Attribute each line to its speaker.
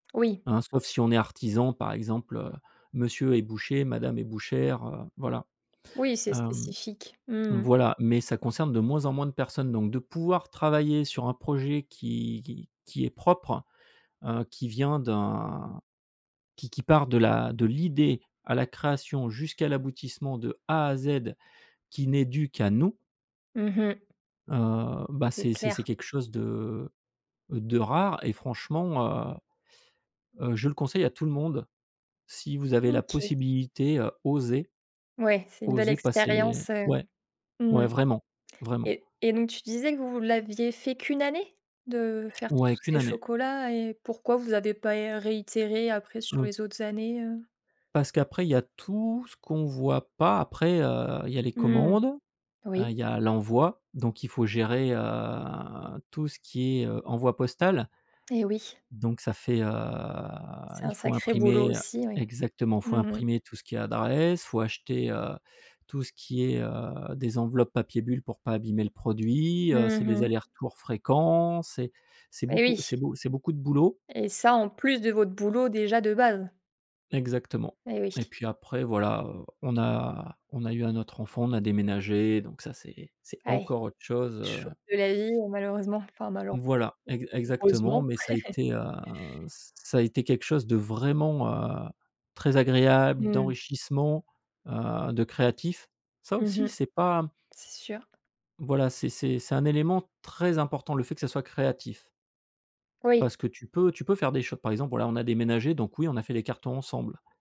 Speaker 1: Oui.
Speaker 2: Ah, sauf si on est artisan, par exemple, heu, monsieur est boucher, madame est bouchère, heu, voilà.
Speaker 1: Oui, c'est
Speaker 2: Hem,
Speaker 1: spécifique. Mmh mh.
Speaker 2: voilà mais ça concerne de moins en moins de personnes, donc de pouvoir travailler sur un projet qui qui qui est propre, heu, qui vient d'un qui qui part de la de l'idée à la création jusqu'à l'aboutissement de A à Z qui n'est due qu'à nous
Speaker 1: Mmh mh.
Speaker 2: heu, bah,
Speaker 1: C'est
Speaker 2: c'est c'est c'est
Speaker 1: clair.
Speaker 2: quelque chose de de rare et franchement, heu, heu, je le conseille à tout le monde. Si vous avez la
Speaker 1: OK.
Speaker 2: possibilité, heu, osez.
Speaker 1: Ouais, c'est une belle
Speaker 2: Osez passer
Speaker 1: expérience, heu,
Speaker 2: ouais,
Speaker 1: mmh
Speaker 2: ouais,
Speaker 1: mh.
Speaker 2: vraiment, vraiment.
Speaker 1: Et et donc tu disais que vous, vous l'aviez fait qu'une année de faire
Speaker 2: Ouais,
Speaker 1: tous
Speaker 2: qu'1
Speaker 1: ces
Speaker 2: année.
Speaker 1: chocolats? Et pourquoi vous avez pas réitéré après sur
Speaker 2: Mmh.
Speaker 1: les autres années, heu?
Speaker 2: Parce qu'après il y a tout ce qu'on voit pas après, heu, il y a les
Speaker 1: Mmh.
Speaker 2: commandes, heu,
Speaker 1: Oui.
Speaker 2: il y a l'envoi, donc il faut gérer, heu, tout ce qui est, heu, envoi postal
Speaker 1: Eh oui.
Speaker 2: donc ça fait, heu
Speaker 1: C'est
Speaker 2: il
Speaker 1: un
Speaker 2: faut
Speaker 1: sacré boulot
Speaker 2: imprimer
Speaker 1: aussi, oui.
Speaker 2: exactement, faut
Speaker 1: Mmh mh.
Speaker 2: imprimer tout ce qui est adresse, il faut acheter, heu, tout ce qui est, heu, des enveloppes papier bulle pour pas abîmer le produit, heu,
Speaker 1: Mmh
Speaker 2: c'est des
Speaker 1: mh.
Speaker 2: allers-retours fréquents, c'est c'est
Speaker 1: Eh
Speaker 2: beaucoup
Speaker 1: oui.
Speaker 2: c'est beau c'est beaucoup de boulot.
Speaker 1: Et ça, en plus de votre boulot déjà de base.
Speaker 2: Exactement
Speaker 1: Eh oui.
Speaker 2: et puis après, voilà, heu, on a on a eu un autre enfant, on a déménagé, donc ça c'est c'est
Speaker 1: Oui,
Speaker 2: encore autre chose, heu
Speaker 1: choses de la vie, malheureusement. Enfin, malheureusement,
Speaker 2: Voilà, ex
Speaker 1: plutôt
Speaker 2: exactement,
Speaker 1: heureusement.
Speaker 2: mais ça a été, heu, ç ça a été quelque chose de vraiment, heu, très agréable,
Speaker 1: Mmh.
Speaker 2: d'enrichissement, heu, de créatif. Ça,
Speaker 1: Mmh
Speaker 2: aussi
Speaker 1: mh.
Speaker 2: c'est pas
Speaker 1: C'est sûr.
Speaker 2: voilà, c'est c'est c'est un élément très important, le fait que ce soit créatif.
Speaker 1: Oui.
Speaker 2: Parce que tu peux tu peux faire des cho par exemple, voilà, on a déménagé donc oui, on a fait les cartons ensemble.